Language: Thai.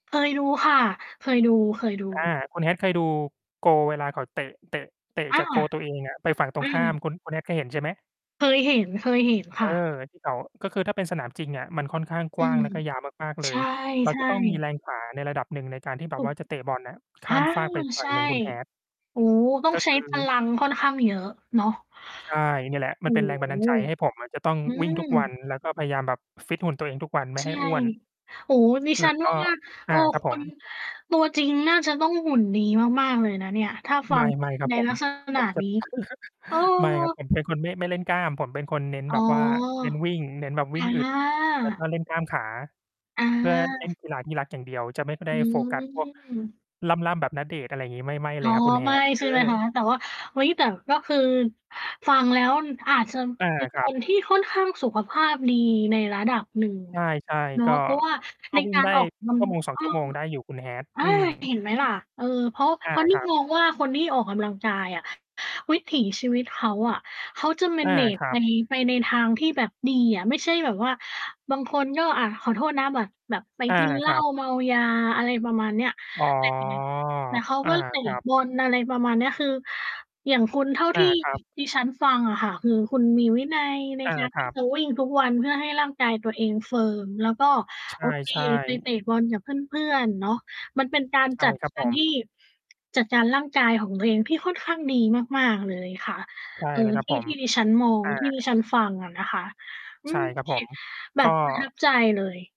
เคยดูค่ะ เคยดู อา ๆ คุณ Hat เคยดูโกล เวลาเขาเตะ เตะ เตะอา จากโกลตัวเองอะไปฝั่งตรอืงข้าม ม คุณ คุณ Hat เคยเห็นใช่ไหม? เคยเห็น เคยเห็นคเอ่อ ะ ที่เขา ก็คือถ้าเป็นสนามจริงอะมันค่อนข้างอกืว้างม แล้วก็ยาวมาก ๆ เลใชย เรา จะ ่ ต้องมีๆ แรง ขา ในระดับหนึ่งในการที่แบถบูว่ก าจะเตะบอลน่ะขอ้า ามฟากไป อีก ฝัใช่ง่ หนึ่ง คุณ Hat โอ้โฮ ต้อกง็ใชค้ืพอ ลังค่อนข้างเยอะเนาะ ใช่ เนี่ยแหละ โอมัน้เป็นแรงโบันดาลฮ ใจให้ผมอะจะต้องอืวิ่งทุกวัน ม แล้วก็พยายามแบบฟิตหุ่นตัวเองทุกวันไมใ่ชให่ ้อ้วน โอ้โฮ ดิแลฉั้วน กว็ ่า อเอา อ ครับคผุณ ม ตัวจริงน่าจะต้องหุ่นดีมาก ๆ เลยนะเนี่ย ถ้าฟัไม่ งไม่ครับใน ผลม ักษผณะ มจะ นี้ เออ ไม่ครับ ผมเป็น คนไม่ ไม่เล่นกล้าม ผมเป็นคนเน้นอ๋แอ บบว่าเน้นวิ่ง เน้นแบบวอิ่งอึด แล้ว กา ็เล่นกล้ามขา อเพื่อเล่นา กีฬาที่รักอย่างเดียว จะไม่ค่อยไอด้ืโฟกัส พวก ม ล่ำ ๆ แบบ ณเดชน์ อะไรงี้ ไม่ ไม่อเ๋ลอ ยครับคุณ ไม่ Hat เใอช่ไหมคะ อ แต่ว่า เฮ้ย แต่ก็คือ ฟังแล้ว อือ อาจจะ อา เป็นครคับ น ที่ค่อนข้างสุขภาพดีในระดับหนึ่งใช่ เนาๆ ะ ก็ เพราะว่าก็ในวิก่งารได้ ออก กำลัง ชั่วโมงสเออง ชอ ั่วโมงได้อยู่ คุณ Hat อา อืม เห็นไหมล่ะ เออ เพราะ ว อเพา ราะนี่ครับ มองว่า คนที่ออกกำลังกายอะ วิถีชีวิตเขาอะ เขาจะ อา manage ครัไป บ ไปในทางที่แบบดีอะ ไม่ใช่แบบว่า บางคนก็ อะ ขอโทษนะ แบบ แบบไปอา กินเหลค้ราับ เมายา อะไรประมาณเนี้ย อ๋อ เจ็ดยังไง แต่เขาอกา ็เตะครับ บอล อะไรประมาณเนี้ย คือ อย่างคุณเท่าอทา ี่ครับ ดิฉันฟังอะค่ะ คือ คุณมีวินัยในอา การ คทรี่ับ จะ วิ่งทุกวัน เพื่อให้ร่างกายตัวเองเฟิร์ม แล้วก็ ใโอเค ช่ ไปๆ เตะบอลกับเพื่อน ๆ เนาะ มันเป็นการใชจ่ัดครับกาผรทม ี่ จัดการร่างกายของตัวเองที่ค่อนข้างดีมาก ๆ เลยค่ะ ใช่เออ แล้วครทับี่ ผม ที่ดิฉันมอง อา ที่ดิฉันฟังอะนะคะ อืใช่ม ครับผม [unintelligible] แบก็ บประทับใจเลย